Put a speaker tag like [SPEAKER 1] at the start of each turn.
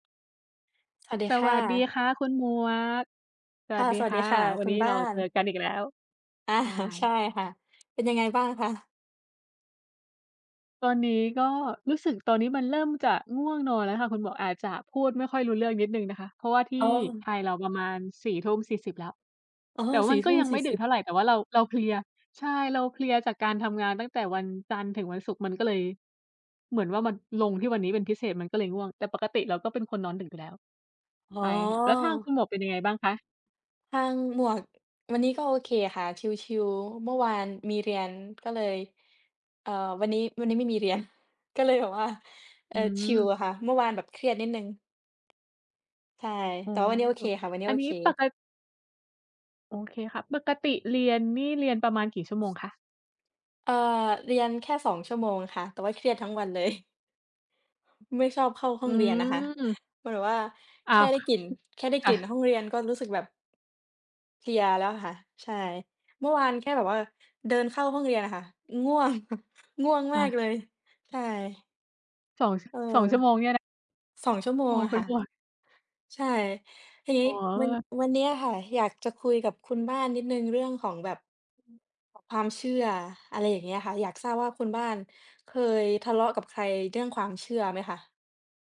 [SPEAKER 1] สวัสดี
[SPEAKER 2] ส
[SPEAKER 1] ค่
[SPEAKER 2] วัสดี
[SPEAKER 1] ะ
[SPEAKER 2] ค่ะคุณ หมวก ส
[SPEAKER 1] ค
[SPEAKER 2] ว
[SPEAKER 1] ่
[SPEAKER 2] ัส
[SPEAKER 1] ะ
[SPEAKER 2] ดี
[SPEAKER 1] สวัส
[SPEAKER 2] ค
[SPEAKER 1] ดี
[SPEAKER 2] ่ะ
[SPEAKER 1] ค่ะ
[SPEAKER 2] วั
[SPEAKER 1] ค
[SPEAKER 2] น
[SPEAKER 1] ุ
[SPEAKER 2] นี
[SPEAKER 1] ณ
[SPEAKER 2] ้
[SPEAKER 1] บ
[SPEAKER 2] เร
[SPEAKER 1] ้า
[SPEAKER 2] าเจอ
[SPEAKER 1] น
[SPEAKER 2] กันอีกแล้ว
[SPEAKER 1] อา
[SPEAKER 2] ใช
[SPEAKER 1] ใช่
[SPEAKER 2] ่
[SPEAKER 1] ค่ะ เป็นยังไงบ้างคะ?
[SPEAKER 2] ตอนนี้ก็ รู้สึก ตอนนี้มันเริ่มจะง่วงนอนแล้วค่ะคุณหมวก อาจจะพูดไม่ค่อยรู้เรื่องนิดหนึ่งนะคะ เพราะว่าที
[SPEAKER 1] เออ
[SPEAKER 2] ่
[SPEAKER 1] อืม
[SPEAKER 2] ไทยเราประมาณ 22:40 แล้ว
[SPEAKER 1] เออ
[SPEAKER 2] แต่
[SPEAKER 1] ส
[SPEAKER 2] ว
[SPEAKER 1] ี
[SPEAKER 2] ั
[SPEAKER 1] ่
[SPEAKER 2] น
[SPEAKER 1] ท
[SPEAKER 2] ก็
[SPEAKER 1] ุ่ม
[SPEAKER 2] ยัง
[SPEAKER 1] ส
[SPEAKER 2] ไ
[SPEAKER 1] ี
[SPEAKER 2] ม
[SPEAKER 1] ่
[SPEAKER 2] ่ด
[SPEAKER 1] ส
[SPEAKER 2] ึ
[SPEAKER 1] ิ
[SPEAKER 2] ก
[SPEAKER 1] บ
[SPEAKER 2] เท่าไร แต่ว่าเรา เราเพลีย ใช่ เราเพลียจากการทำงานตั้งแต่วันจันทร์ถึงวันศุกร์ มันก็เลย เหมือนว่ามันลงที่วันนี้เป็นพิเศษ มันก็เลยง่วง แต่ปกติเราก็เป็นคนนอนดึกอยู่แล้ว
[SPEAKER 1] อ๋
[SPEAKER 2] ไปค่ะ แล้วทางคุ
[SPEAKER 1] อ
[SPEAKER 2] ณหมวกเป็นยังไงบ้างคะ?
[SPEAKER 1] ทางหมวก วันนี้ก็โอเคค่ะ ชิล ๆ เมื่อวานมีเรียนก็เลย เอ่อ วันนี้ วันนี้ไม่มี เรียน ก็เลยแบบว่า เอ
[SPEAKER 2] อ
[SPEAKER 1] ่อ
[SPEAKER 2] ื
[SPEAKER 1] ชิล
[SPEAKER 2] ม
[SPEAKER 1] อะค่ะ เมื่อวานแบบเครียดนิดหนึ่ง ใช่
[SPEAKER 2] อ๋อ
[SPEAKER 1] แต่วันนี้โอเคค่ะ วันเนี้
[SPEAKER 2] อ
[SPEAKER 1] ย
[SPEAKER 2] ั
[SPEAKER 1] โอ
[SPEAKER 2] นนี้
[SPEAKER 1] เค
[SPEAKER 2] ปะกะ โอเคค่ะ ปกติเรียนนี่ เรียนประมาณกี่ชั่วโมงคะ?
[SPEAKER 1] เอ่อ เรียนแค่ 2 ชั่วโมงค่ะ แต่ว่าเครียดทั้งวัน เลย ไม่ชอบเข้าห้
[SPEAKER 2] อ
[SPEAKER 1] อ
[SPEAKER 2] ื
[SPEAKER 1] งเรียนนะคะ
[SPEAKER 2] ม
[SPEAKER 1] มันแบบว่า
[SPEAKER 2] อ
[SPEAKER 1] แ
[SPEAKER 2] ้
[SPEAKER 1] ค
[SPEAKER 2] า
[SPEAKER 1] ่
[SPEAKER 2] ว
[SPEAKER 1] ได
[SPEAKER 2] อ
[SPEAKER 1] ้กลิ่น แค่ได้
[SPEAKER 2] อ
[SPEAKER 1] กลิ่น
[SPEAKER 2] ะ
[SPEAKER 1] ห้องเรียนก็ รู้สึกแบบ เพลียแล้วอะค่ะ ใช่ เมื่อวานแค่แบบว่า เดินเข้าห้องเรียนน่ะค่ะ ง่วง ง่วง
[SPEAKER 2] ค
[SPEAKER 1] ม
[SPEAKER 2] ่
[SPEAKER 1] าก
[SPEAKER 2] ะ
[SPEAKER 1] เลย ใช่
[SPEAKER 2] 2 ช
[SPEAKER 1] เออ
[SPEAKER 2] 2 ชั่วโมงเนี่ยนะ?
[SPEAKER 1] 2 ชั่วโม
[SPEAKER 2] โ
[SPEAKER 1] ง
[SPEAKER 2] อ้
[SPEAKER 1] อะ
[SPEAKER 2] เป
[SPEAKER 1] ค
[SPEAKER 2] ็
[SPEAKER 1] ่
[SPEAKER 2] น
[SPEAKER 1] ะ
[SPEAKER 2] วัน
[SPEAKER 1] ใช่ ทีนี้
[SPEAKER 2] อ๋อ เ
[SPEAKER 1] วัน
[SPEAKER 2] ออ
[SPEAKER 1] วันเนี้ยค่ะ อยากจะคุยกับคุณบ้านนิดหนึ่งเรื่องของแบบ
[SPEAKER 2] อืม ค่ะ
[SPEAKER 1] ความเชื่อ อะไรอย่างเงี้ยค่ะ อยากทราบว่า คุณบ้านเคยทะเลาะกับใครเรื่องความเชื่อไหมคะ?